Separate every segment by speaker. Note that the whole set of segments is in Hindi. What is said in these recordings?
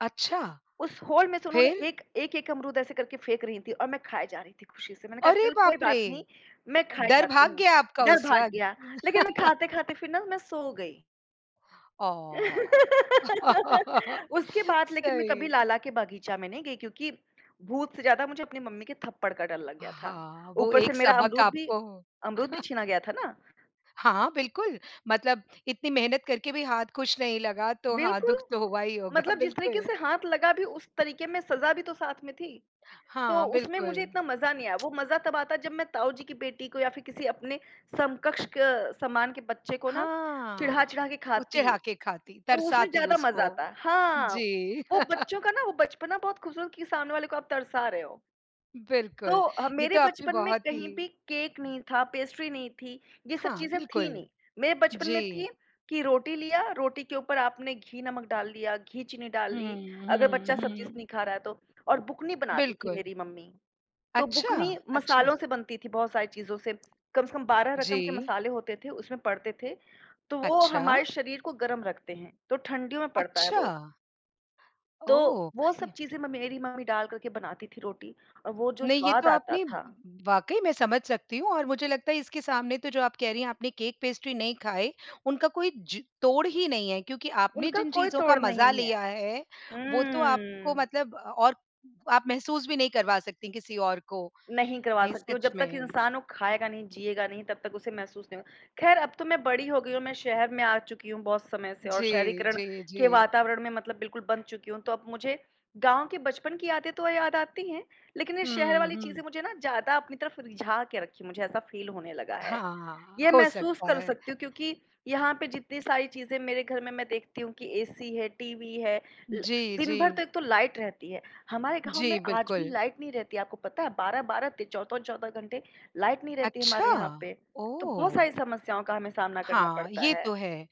Speaker 1: अच्छा।
Speaker 2: उस होल में से उन्होंने
Speaker 1: फ़िर?
Speaker 2: एक एक-एक अमरूद ऐसे करके फेंक रही थीं और मैं ख़ाए जा रही थी खुशी से। मैंने कहा
Speaker 1: अरे
Speaker 2: चलो कोई
Speaker 1: बाप रे!
Speaker 2: बात नहीं मैं ख़ाए
Speaker 1: डर
Speaker 2: जाती
Speaker 1: भाग
Speaker 2: हूँ।
Speaker 1: गया आपका
Speaker 2: डर
Speaker 1: उस
Speaker 2: भाग
Speaker 1: वक़्त?
Speaker 2: गया लेक़िन मैं ख़ाते-ख़ाते फ़िर ना मैं सो गई।
Speaker 1: आह।
Speaker 2: उसके बाद लेक़िन मैं कभी
Speaker 1: सही।
Speaker 2: लाला के बागीचा में नहीं गई क्योंकि भूत से ज़्यादा मुझे अपनी मम्मी के थप्पड़ का डर लग गया था।
Speaker 1: हाँ, वो
Speaker 2: ऊपर से
Speaker 1: एक
Speaker 2: मेरा
Speaker 1: सबक
Speaker 2: अमरूद भी
Speaker 1: आपको
Speaker 2: अमरूद भी छीना गया था ना।
Speaker 1: हाँ, बिल्कुल मतलब इतनी मेहनत करके भी हाथ कुछ नहीं लगा तो हाँ दुख
Speaker 2: बिल्कुल,
Speaker 1: तो हुआ ही होगा
Speaker 2: मतलब जिस तरीक़े
Speaker 1: बिल्कुल।
Speaker 2: से हाथ लगा भी उस तरीक़े में सज़ा भी तो साथ में थी। तो
Speaker 1: हाँ,
Speaker 2: उसमें
Speaker 1: बिल्कुल।
Speaker 2: मुझे इतना मज़ा नहीं आया। वो मज़ा तब आता जब मैं ताऊ जी की बेटी को या फ़िर किसी अपने समकक्ष क समान के बच्चे को ना
Speaker 1: हाँ।
Speaker 2: चिढ़ा-चिढ़ा के
Speaker 1: वो
Speaker 2: ख़ाती
Speaker 1: चिढ़ा के ख़ाती,
Speaker 2: तो उसमें
Speaker 1: तरसाती
Speaker 2: ज़्यादा मज़ा
Speaker 1: उसको
Speaker 2: आता है। हाँ,
Speaker 1: जी।
Speaker 2: वो बच्चों का ना वो बचपना बहुत ख़ूबसूरत कि सामने वाले को आप तरसा रहे हो। तो
Speaker 1: बिल्कुल,
Speaker 2: अ,
Speaker 1: ये
Speaker 2: मेरे
Speaker 1: तो आपने
Speaker 2: बचपन में
Speaker 1: बहुत ही--
Speaker 2: कहीं भी केक नहीं था, पेस्ट्री नहीं थी। ये सब
Speaker 1: हाँ,
Speaker 2: चीजें थी
Speaker 1: बिल्कुल।
Speaker 2: नहीं। मेरे बचपन में
Speaker 1: जी।
Speaker 2: थी कि रोटी लिया, रोटी के ऊपर आपने घी नमक डाल दिया, घी चीनी डाल
Speaker 1: हुँ,
Speaker 2: ली। अगर बच्चा
Speaker 1: हुँ,
Speaker 2: सब्ज़ी से
Speaker 1: हुँ।
Speaker 2: नहीं ख़ा रहा है तो। और बुकनी बनाती थी
Speaker 1: बिल्कुल।
Speaker 2: मेरी मम्मी। तो
Speaker 1: अच्छा,
Speaker 2: बुकनी
Speaker 1: अच्छा।
Speaker 2: मसालों से बनती थी बहुत सारी चीज़ों से। कम से कम 12 रकम के
Speaker 1: जी।
Speaker 2: मसाले होते थे उसमें पड़ते थे। तो वो
Speaker 1: अच्छा।
Speaker 2: हमारे शरीर को गर्म रखते हैं। तो ठंडियों में पड़ता है वो।
Speaker 1: अच्छा।
Speaker 2: तो
Speaker 1: ओह
Speaker 2: वो सब
Speaker 1: ये
Speaker 2: चीज़ें म मेरी मम्मी डाल कर के बनाती थी रोटी और वो जो
Speaker 1: नहीं ये
Speaker 2: स्वाद
Speaker 1: तो
Speaker 2: आता
Speaker 1: आपने
Speaker 2: था।
Speaker 1: वाक़ई मैं समझ सकती हूँ और मुझे लगता है इसके सामने तो जो आप कह रही हैं आपने केक-पेस्ट्री नहीं खाए, उनका कोई जो तोड़ ही नहीं है क्योंकि आपने
Speaker 2: उनका
Speaker 1: जिन
Speaker 2: कोई
Speaker 1: चीज़ों का
Speaker 2: तोड़
Speaker 1: मज़ा
Speaker 2: नहीं है।
Speaker 1: लिया है वो तो आपको
Speaker 2: हम्म।
Speaker 1: मतलब अ, और आप महसूस भी नहीं करवा सकतीं किसी और को
Speaker 2: नहीं करवा
Speaker 1: नहीं
Speaker 2: सकती हूँ।
Speaker 1: सच
Speaker 2: जब तक
Speaker 1: में।
Speaker 2: इंसान वो ख़ाएगा नहीं, जिएगा नहीं तब तक उसे महसूस नहीं होगा। ख़ैर अब तो मैं बड़ी हो गई हूँ और मैं शहर में आ चुकी हूँ बहुत समय से और
Speaker 1: जी,
Speaker 2: शहरीकरण
Speaker 1: जी,
Speaker 2: के
Speaker 1: जी।
Speaker 2: वातावरण में मतलब बिल्कुल बँध चुकी हूँ। तो अब मुझे गाँव के बचपन की यादें तो याद आती हैं लेक़िन ये शहर
Speaker 1: हुँ,
Speaker 2: वाली चीज़ें
Speaker 1: हुँ।
Speaker 2: मुझे ना ज़्यादा अपनी तरफ़ रिझा के रखीं हैं। मुझे ऐसा फ़ील होने लगा है।
Speaker 1: हाँ,
Speaker 2: ये
Speaker 1: हो
Speaker 2: महसूस
Speaker 1: सकता
Speaker 2: कर
Speaker 1: है।
Speaker 2: सकती हूँ क्योंकि यहाँ पे जितनी सारी चीज़ें मेरे घर में मैं देखती हूँ कि एसी है, टीवी है, ल
Speaker 1: जी,
Speaker 2: दिन भर
Speaker 1: जी।
Speaker 2: तो एक तो लाइट रहती है। हमारे गाँव में
Speaker 1: जी,
Speaker 2: आज भी
Speaker 1: बिल्कुल।
Speaker 2: लाइट नहीं रहती है आपको पता है? 12-12 ते 14-14 घंटे लाइट नहीं रहती है हमारे
Speaker 1: अच्छा,
Speaker 2: यहाँ पे। तो बहुत
Speaker 1: ओह!
Speaker 2: सारी समस्याओं का हमें सामना करना
Speaker 1: हाँ,
Speaker 2: पड़ता
Speaker 1: ये
Speaker 2: है।
Speaker 1: तो है।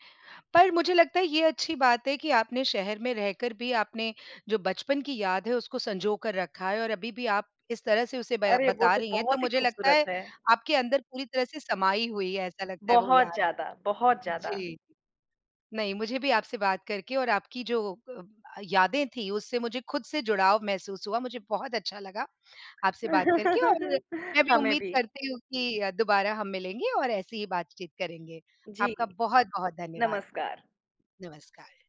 Speaker 1: पर मुझे लगता है ये अच्छी बात है कि आपने शहर में रहकर भी आपने जो बचपन की याद है उसको संजोकर रखा है और अभी-भी आप इस तरह से उसे बया
Speaker 2: अरे वो
Speaker 1: बता
Speaker 2: तो
Speaker 1: रही हैं तो
Speaker 2: बहुत ही
Speaker 1: मुझे लगता
Speaker 2: ख़ूबसूरत
Speaker 1: है
Speaker 2: है।
Speaker 1: आपके अंदर पूरी तरह से समाई हुई है ऐसा लगता है वो
Speaker 2: बहुत
Speaker 1: याद।
Speaker 2: ज़्यादा, बहुत ज़्यादा।
Speaker 1: जी, नहीं मुझे भी आपसे बात करके और आपकी जो अ, यादें थीं उससे मुझे ख़ुद से जुड़ाव महसूस हुआ। मुझे बहुत अच्छा लगा आपसे बात करके और मैं भी
Speaker 2: हमें
Speaker 1: उम्मीद
Speaker 2: भी।
Speaker 1: करती हूँ कि दोबारा हम मिलेंगे और ऐसी ही बातचीत करेंगे।
Speaker 2: जी
Speaker 1: आपका बहुत-बहुत धन्यवाद।
Speaker 2: नमस्कार।
Speaker 1: नमस्कार।